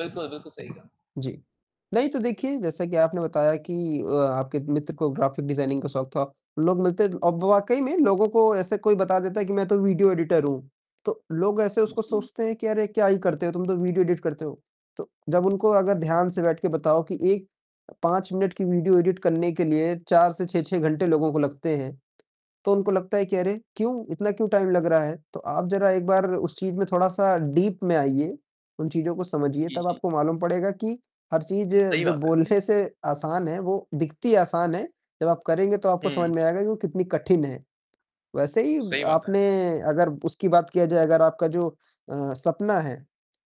बिल्कुल, बिल्कुल, सही कहा। जी। नहीं तो देखिए, जैसा कि आपने बताया कि अ, आपके मित्र को ग्राफिक डिजाइनिंग का शौक था, लोग मिलते द अब वाक़ई में लोगों को ऐसे कोई बता देता है कि मैं तो वीडियो एडिटर हूँ, तो लोग ऐसे उसको जी। सोचते हैं कि अरे! क्या ही करते हो, तुम तो वीडियो एडिट करते हो। तो जब उनको अगर ध्यान से बैठ के बताओ कि 1 5 मिनट की वीडियो एडिट करने के लिए 4 से 6-6 घंटे लोगों को लगते हैं, तो उनको लगता है कि अरे! क्यों? इतना क्यों टाइम लग रहा है? तो आप जरा एक बार उस चीज़ में थोड़ा-सा डीप में आइए, उन चीज़ों को समझिए जी, तब जी। आपको मालूम पड़ेगा कि हर चीज़ सही जो बात है। बोलने से आसान है, वो दिखती आसान है, जब आप करेंगे तो आपको समझ हुँ। में आएगा कि वो कितनी कठिन है। वैसे ही सही बात है। आपने अगर ब उसकी बात किया जाए अगर आपका जो अ, सपना है,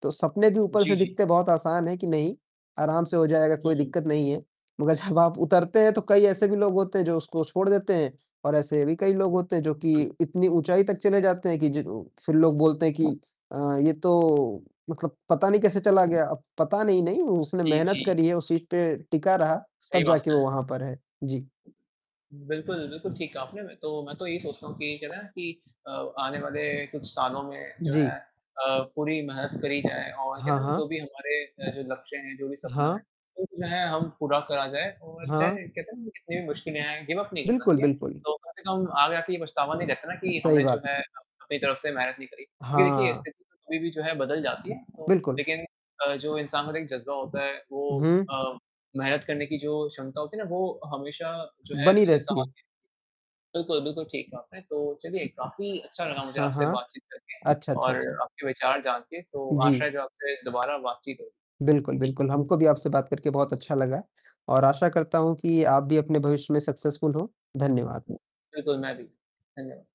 तो सपने भी ऊपर जी, से जी। दिखते बहुत आसान है कि, नहीं आराम से हो जाएगा, कोई हुँ। दिक्कत नहीं है। मगर जब आप उतरते हैं तो कई ऐसे भी लोग होते हैं जो उसको छोड़ देते हैं और ऐसे भी कई लोग उ होते हैं जो कि बिल इतनी ऊँचाई तक चले जाते हैं, कि जि फिर लोग बोलते हैं कि अ, ये तो मतलब पता नहीं कैसे चला गया। अब पता नहीं, नहीं, उसने जी, मेहनत जी। करी है, उस चीज़ पे टिका रहा, सही तब बात जाके है। वो वहाँ पर है। जी। बिल्कुल, बिल्कुल ठीक कहा आपने, मैं तो मैं तो यही सोचता हूँ कि क्या है ना, कि अ, आने वाले कुछ सालों में जो है जी। अ, पूरी मेहनत करी जाए और कहते हाँ, है ना जो हाँ। भी हमारे अ, जो लक्ष्य हैं, जो भी सपना है, हाँ। वो जो है हम पूरा करा जाए और हाँ। चाहे कहते हैं ना, कितनी भी मुश्किलें आएँ, गिव अप नहीं करना बिल्कुल, चाहिए। बिल्कुल। तो कम से कम आगे आकर ये पछतावा नहीं रहता है ना कि सही हमने जो बात। है, अपनी तरफ से मेहनत नहीं करी, क्योंकि देखिए हाँ। स्थिति कभी भी जो है बदल जाती है, तो बिल्कुल। लेकिन अ, जो इंसान के अंदर एक ज़ज्बा होता है, उ वो हुँ। अ, मेहनत करने की जो क्षमता होती है ना, वो हमेशा जो है बनी उससे रहती साथ है। देती बिल्कुल, बिल्कुल ठीक कहा आपने, तो चलिए, काफ़ी अच्छा लगा मुझे हाँ, आपसे हाँ। बातचीत करके अच्छा, अच्छा, और अच्छा। आपके विचार जानकर, तो आशा जी। है जो आपसे दोबारा बातचीत होगी। बिल्कुल, जी। बिल्कुल। हमको भी आपसे बात करके बहुत अच्छा लगा और आशा करता हूँ कि आप भी अपने भविष्य में सक्सेसफुल हों। धन्यवाद। बिल्कुल, मैं भी। धन्यवाद।